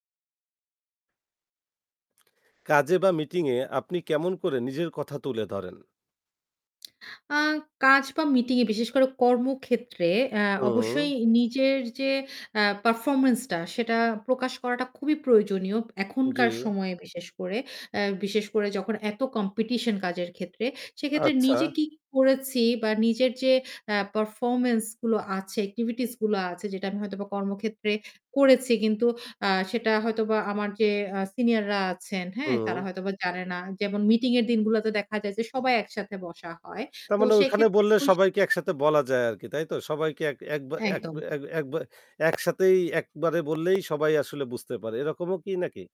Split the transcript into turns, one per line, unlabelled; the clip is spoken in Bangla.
কাজে বা মিটিং এ আপনি কেমন করে নিজের কথা তুলে ধরেন?
আ কাজ বা মিটিং এ বিশেষ করে কর্মক্ষেত্রে অ্যা আ
হুম।
অবশ্যই নিজের যে আ পারফরম্যান্সটা সেটা প্রকাশ করাটা খুবই প্রয়োজনীয়। এখনকার
জি।
সময়ে বিশেষ করে, আ বিশেষ করে যখন এত কম্পিটিশন কাজের ক্ষেত্রে সেক্ষেত্রে
আচ্ছা।
নিজে কি করেছি বা নিজের যে আ পারফরম্যান্স গুলো আছে, এক্টিভিটিস গুলো আছে যেটা আমি হয়তোবা কর্মক্ষেত্রে করেছি। কিন্তু আ সেটা হয়তোবা আমার যে আ সিনিয়ররা আছেন, হ্যাঁ? তারা
হুম।
হয়তোবা জানে না। যেমন মিটিং এর দিনগুলোতে দেখা যায় যে সবাই একসাথে বসা হয়।
তার
তো
মানে ওইখানে
সেক্ষেত্রে
বললে
ঐ স
সবাইকে একসাথে বলা যায় আরকি। তাই তো? সবাইকে এক ব এক ব
একদম।
এক একসাথেই একবারে বললেই সবাই আসলে বুঝতে পারে। এরকমও কি নাকি?